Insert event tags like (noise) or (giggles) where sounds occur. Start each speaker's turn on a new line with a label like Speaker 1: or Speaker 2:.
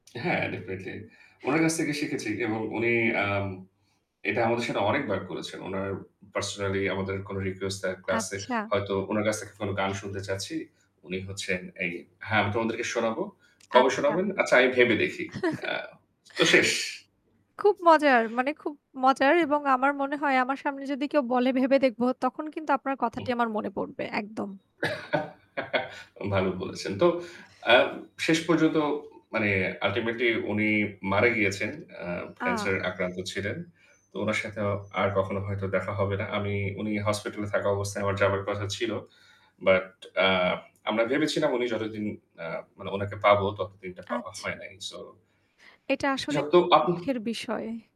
Speaker 1: হ্যাঁ, ডেফিনিটলি। উনার কাছ থেকে শিখেছি। যেমন উনি আম এটা আমাদের সাথে অনেকবার করেছেন। উনার পার্সোনালি আমাদের কোনো রিকোয়েস্ট তার ক্লাসে
Speaker 2: আচ্ছা।
Speaker 1: হয়তো উনার কাছ থেকে কোনো গান শুনতে চাচ্ছি, উনি হচ্ছেন এই "হ্যাঁ, আমি তোমাদেরকে শোনাব। কবে
Speaker 2: আচ্ছা।
Speaker 1: শোনাবেন? আচ্ছা, আগে ভেবে দেখি।" আ তো শেষ।
Speaker 2: (chuckles) খুব মজার। মানে খুব মজার এবং আমার মনে হয় আমার সামনে যদি কেউ বলে ভেবে দেখব, তখন কিন্তু আপনার কথাটি
Speaker 1: ওহ।
Speaker 2: আমার মনে পড়বে। একদম।
Speaker 1: (giggles) ভালো বলেছেন। তো আ শেষ পর্যন্ত মানে আল্টিমেটলি উনি মারা গিয়েছেন। আ
Speaker 2: আ
Speaker 1: ক্যান্সারে আক্রান্ত ছিলেন। তো উনার সাথে আর কখনো হয়তো দেখা হবে না। আমি উনি হাসপাতালে থাকা অবস্থায় আমার যাবার কথা ছিল। বাট আ আমরা ভেবেছিলাম উনি যতদিন আ মানে উনাকে পাব, ততদিনটা পাওয়া
Speaker 2: আচ্ছা।
Speaker 1: হয় নাই। সো
Speaker 2: এটা আসলে
Speaker 1: যত আপন
Speaker 2: দুঃখের বিষয়।